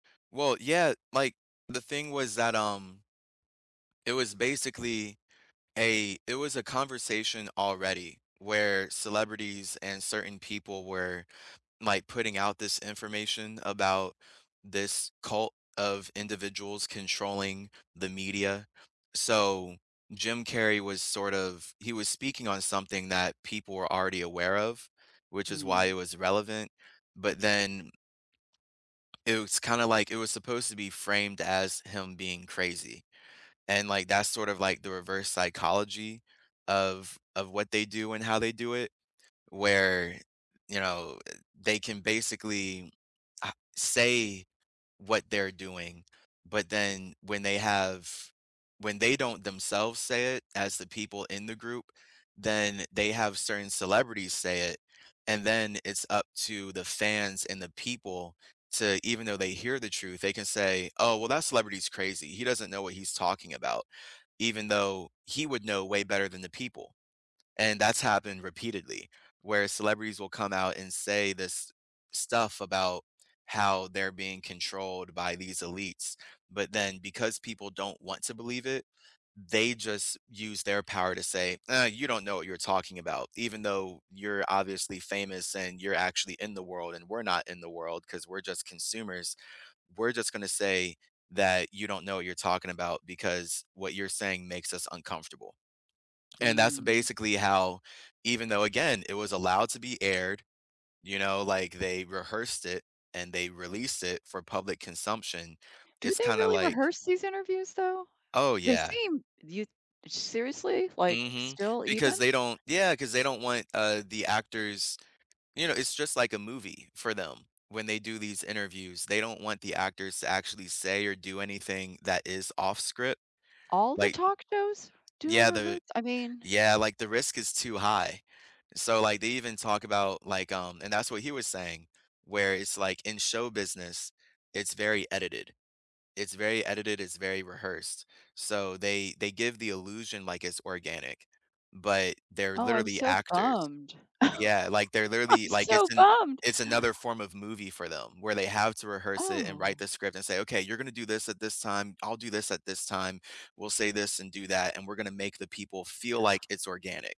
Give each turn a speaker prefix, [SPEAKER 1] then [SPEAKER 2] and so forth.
[SPEAKER 1] Well, yeah, like, the thing was that, um it was basically a it was a conversation already where celebrities and certain people were, like, putting out this information about this cult of individuals controlling the media. So, Jim Carrey was sort of he was speaking on something that people were already aware of, which is why it
[SPEAKER 2] Mm.
[SPEAKER 1] was relevant, but then it was kinda, like it was supposed to be framed as him being crazy. And, like, that's sort of, like, the reverse psychology of of what they do and how they do it, where, you know, they can basically, uh, say what they're doing, but then, when they have when they don't themselves say it as the people in the group, then they have certain celebrities say it, and then it's up to the fans and the people, to even though they hear the truth, they can say, "Oh, well, that celebrity is crazy. He doesn't know what he's talking about," even though he would know way better than the people. And that's happened repeatedly, where celebrities will come out and say this stuff about how they're being controlled by these elites, but then because people don't want to believe it, they just use their power to say, "Ah, you don't know what you're talking about. Even though you're obviously famous and you're actually in the world and we're not in the world, 'cause we're just consumers, we're just gonna say that you don't know what you're talking about, because what you're saying makes us uncomfortable." And that's
[SPEAKER 2] Mm.
[SPEAKER 1] basically how even though, again, it was allowed to be aired, you know, like, they rehearsed it and they released it for public consumption,
[SPEAKER 2] Do
[SPEAKER 1] it's
[SPEAKER 2] they
[SPEAKER 1] kinda,
[SPEAKER 2] really
[SPEAKER 1] like
[SPEAKER 2] rehearse these interviews, though?
[SPEAKER 1] Oh,
[SPEAKER 2] They
[SPEAKER 1] yeah.
[SPEAKER 2] seem you seriously? Like,
[SPEAKER 1] Mhm.
[SPEAKER 2] still
[SPEAKER 1] Because
[SPEAKER 2] even?
[SPEAKER 1] they don't yeah, 'cause they don't want, uh, the actors you know, it's just like a movie for them, when they do these interviews. They don't want the actors to actually say or do anything that is off script.
[SPEAKER 2] All the
[SPEAKER 1] Like
[SPEAKER 2] talk shows do a
[SPEAKER 1] yeah, the
[SPEAKER 2] rehears I mean
[SPEAKER 1] yeah, like, the risk is too high. So, like, they even talk about, like, um and that's what he was saying, where it's, like, in show business, it's very edited. It's very edited, it's very rehearsed. So, they they give the illusion like it's organic, but they're
[SPEAKER 2] Oh, I'm
[SPEAKER 1] literally
[SPEAKER 2] so
[SPEAKER 1] actors.
[SPEAKER 2] bummed.
[SPEAKER 1] Yeah, like, they're
[SPEAKER 2] I'm
[SPEAKER 1] literally like,
[SPEAKER 2] so
[SPEAKER 1] it's an
[SPEAKER 2] bummed.
[SPEAKER 1] it's another form of movie for them, where they have to rehearse it, and write
[SPEAKER 2] Oh.
[SPEAKER 1] the script, and say, "Okay, you're gonna do this at this time. I'll do this at this time. We'll say this and do that, and we're gonna make the people feel like it's organic."